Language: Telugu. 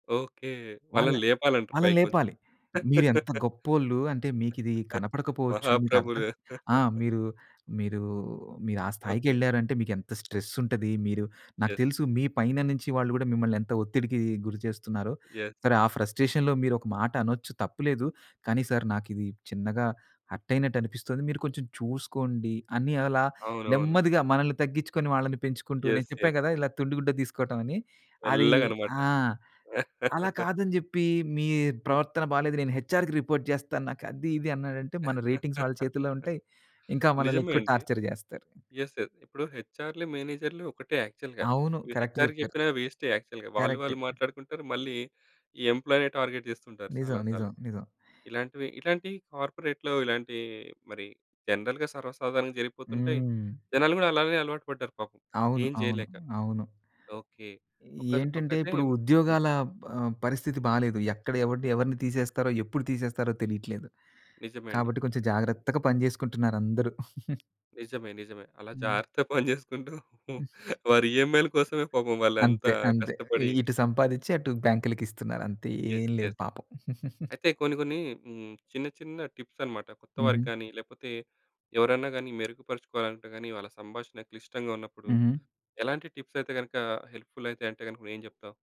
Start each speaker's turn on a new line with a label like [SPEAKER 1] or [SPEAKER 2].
[SPEAKER 1] ఓకే.
[SPEAKER 2] వాళ్ళ
[SPEAKER 1] వాళ్ళని లేపాలంటారు
[SPEAKER 2] వాళ్ళని
[SPEAKER 1] పైకొంచెం.
[SPEAKER 2] లేపాలి. మీరు ఎంత గొప్పోళ్ళు. అంటే మీకిది కనపడకపోవచ్చు. మీకర్థం
[SPEAKER 1] మహాప్రభులు.
[SPEAKER 2] ఆ! మీరు మీరు, మీరు ఆ స్థాయికి
[SPEAKER 1] ఓకే.
[SPEAKER 2] వెళ్లారంటే మీకు ఎంత స్ట్రెసుంటది మీరు నాకు
[SPEAKER 1] యెస్.
[SPEAKER 2] తెలుసు మీ పైన నుంచి వాళ్ళు గూడా మిమ్మల్ని ఎంత ఒత్తిడికి గురి చేస్తున్నారో.
[SPEAKER 1] యెస్.
[SPEAKER 2] సరే ఆ ఫ్రస్ట్రేషన్‌లో మీరు ఒక మాటనొచ్చు తప్పు లేదు. కానీ సార్ నాకిది చిన్నగా హర్టయినట్లనిపిస్తుంది. మీరు కొంచెం చూసుకోండి అని అలా
[SPEAKER 1] అవునవును.
[SPEAKER 2] నెమ్మదిగా మనల్ని తగ్గించుకుని వాళ్ళని పెంచుకుంటూ నేను
[SPEAKER 1] యెస్.
[SPEAKER 2] చెప్పా
[SPEAKER 1] యెస్.
[SPEAKER 2] గదా! ఇలా తుండి గుడ్డ దీసుకోటం అని అది
[SPEAKER 1] మెల్లగనమాట.
[SPEAKER 2] ఆ! అలా కాదని జెప్పి మీ ప్రవర్తన బాలేదు నేను హెచ్ఆర్‌కి రిపోర్ట్ జేస్తాను. నాకది ఇది అన్నాడంటే మన రేటింగ్స్ వాళ్ళ చేతుల్లో ఉంటాయి. ఇంకా మనల్ని
[SPEAKER 1] నిజమే
[SPEAKER 2] ఎక్కువ
[SPEAKER 1] అండి.
[SPEAKER 2] టార్చర్ జేస్తారు.
[SPEAKER 1] యెస్. యెస్. ఇప్పుడు హెచ్ఆర్‌‌లు, మేనేజర్‌లు ఒకటే యాక్చువల్‌గా.
[SPEAKER 2] అవును.
[SPEAKER 1] ఇప్పుడు
[SPEAKER 2] కరెక్ట్
[SPEAKER 1] హెచ్ఆర్‌‌కు
[SPEAKER 2] జెప్పారు.
[SPEAKER 1] జెప్పిన వేస్టే యాక్చువల్‌గా. వాళ్ళు
[SPEAKER 2] కరెక్టు.
[SPEAKER 1] వాళ్ళు మాట్లాడుకుంటారు. మళ్ళీ ఈ ఎంప్లాయే టార్గెట్ జేస్తుంటారు
[SPEAKER 2] నిజం,
[SPEAKER 1] చాలా
[SPEAKER 2] నిజం,
[SPEAKER 1] సార్లు.
[SPEAKER 2] నిజం.
[SPEAKER 1] ఇలాంటివి ఇట్లాంటియి కార్పొరేట్‌లో ఇలాంటి మరి జనరల్‌గా సర్వసాధారణంగా జరిగిపోతుంటాయి.
[SPEAKER 2] హ్మ్.
[SPEAKER 1] జనాలు గూడా అలానే అలవాటు పడ్డారు పాపం.
[SPEAKER 2] అవును,
[SPEAKER 1] ఏం
[SPEAKER 2] అవును,
[SPEAKER 1] జేయలేక.
[SPEAKER 2] అవును.
[SPEAKER 1] ఓకే. ఒకజ
[SPEAKER 2] ఏంటంటే
[SPEAKER 1] ఒకైతే
[SPEAKER 2] ఇప్పుడు
[SPEAKER 1] హ్మ్.
[SPEAKER 2] ఉద్యోగాల ఆహ్, పరిస్థితి బాలేదు. ఎక్కడ ఎవడిని ఎవరిని తీసేస్తారో ఎప్పుడు తీసేస్తారో తెలీట్లేదు.
[SPEAKER 1] నిజమే అండి.
[SPEAKER 2] కాబట్టి కొంచెం జాగ్రత్తగా పని జేసుకుంటున్నారు అందరూ.
[SPEAKER 1] నిజమే, నిజమే. అలా
[SPEAKER 2] హ్మ్.
[SPEAKER 1] జాగ్రత్తగా పని జేసుకుంటూ వారి ఈయమ్‌ఐల కోసమే పాపం
[SPEAKER 2] అంతే
[SPEAKER 1] వాలంతా
[SPEAKER 2] అంతే ఇ
[SPEAKER 1] కష్టపడి
[SPEAKER 2] ఇటు సంపాదించి అటు బ్యాంక్‌లకిస్తున్నారు అంతే.
[SPEAKER 1] యెస్.
[SPEAKER 2] ఏం లేదు
[SPEAKER 1] యెస్.
[SPEAKER 2] పాపం.
[SPEAKER 1] అయితే కొన్ని, కొన్ని హ్మ్. చిన్న చిన్న టిప్సన్నమాట. కొత్తవారికి
[SPEAKER 2] హుహు.
[SPEAKER 1] కాని లేపోతే ఎవరన్నా గాని మెరుగుపరుచుకోవాలంటే గాని వాళ్ళ సంభాషణ క్లిష్టంగా ఉన్నప్పుడు
[SPEAKER 2] హుహు.
[SPEAKER 1] ఎలాంటి టిప్సయితే గనక హెల్ప్‌ఫుల్ అయితాయంటే గనక నువ్వేం జెప్తావ్?